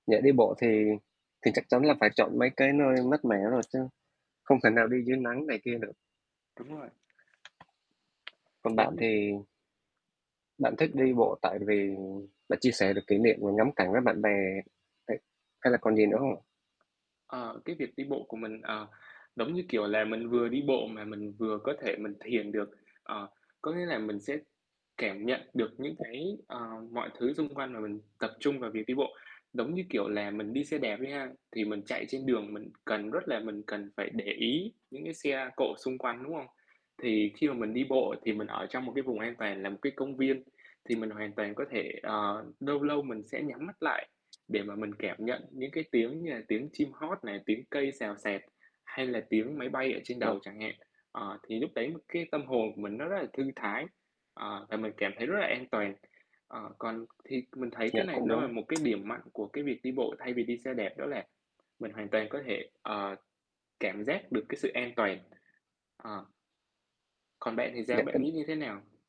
Nhỡ đi bộ thì thì chắc chắn là phải chọn mấy cái nơi mát mẻ rồi chứ, không thể nào đi dưới nắng này kia được. Đúng rồi. Còn Giống bạn như thì Bạn thích đi bộ tại vì bạn chia sẻ được kỷ niệm và ngắm cảnh với bạn bè hay hay là còn gì nữa không ạ? Ờ, cái việc đi bộ của mình, ờ, giống như, kiểu là, mình vừa đi bộ mà mình vừa có thể mình thiền được. Ờ, có nghĩa là mình sẽ cảm nhận được những cái, ờ, mọi thứ xung quanh mà mình tập trung vào việc đi bộ. Giống như, kiểu là, mình đi xe đạp đi ha, thì mình chạy trên đường mình cần rất là mình cần phải để ý những cái xe cộ xung quanh, đúng không? Thì khi mà mình đi bộ thì mình ở trong một cái vùng an toàn là một cái công viên, thì mình hoàn toàn có thể, ờ, lâu lâu mình sẽ nhắm mắt lại để mà mình cảm nhận những cái tiếng như là tiếng chim hót này, tiếng cây xào xạc hay là tiếng máy bay ở trên đầu Vâng. chẳng hạn. Ờ, thì lúc đấy cái tâm hồn của mình nó rất là thư thái, ờ, và mình cảm thấy rất là an toàn. Ờ, còn thì mình thấy Dạ, cái này cũng nó là đúng. một cái điểm mạnh của cái việc đi bộ thay vì đi xe đạp, đó là mình hoàn toàn có thể, ờ, cảm giác được cái sự an toàn, ờ. Còn bạn thì sao? Dạ, cái Bạn nghĩ như thế nào?